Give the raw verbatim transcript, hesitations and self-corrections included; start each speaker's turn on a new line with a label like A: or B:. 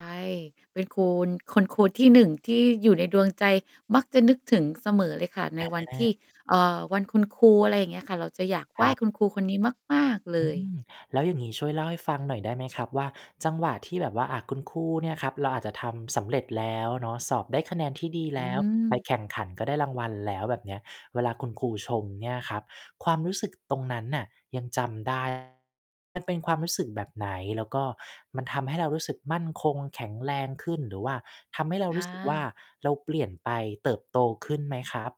A: ใช่ เป็นคูณ คุณครูที่ หนึ่ง ที่อยู่ในดวงใจ มักจะนึกถึงเสมอเลยค่ะ ในวันท
B: อ
A: ี่
B: า
A: เอ่อ วันคุณครู อะไรอย่างเงี้ยค่ะ เราจะอยากไห
B: ค
A: ว
B: ร
A: ้
B: ับ
A: คุณครูคนนี้มาก ๆ เล
B: อืม
A: ย
B: แล้วอย่างงี้ ช่วยเล่าให้ฟังหน่อยได้ไหมครับ? ว่า จังหวะที่แบบว่า อะ คุณครูเนี่ยครับ เราอาจจะทำสำเร็จแล้วเนาะ สอบได้คะแนนที่ดี
A: อ
B: แ
A: ื
B: ล้ว ไป
A: ม
B: แข่งขันก็ได้รางวัลแล้ว แบบเนี้ย เวลาคุณครูชมเนี่ยครับ ความรู้สึกตรงนั้นน่ะยังจำ ได้ มันเป็นความรู้สึกแบบไหน? แล้วก็มันทำให้เรารู้สึกมั่นคง แข็งแรงขึ้น หรือว่า ทำให้เรา
A: อ
B: รู้สึกว่า
A: า
B: เราเปลี่ยนไป เติบโตขึ้นไหมครับ?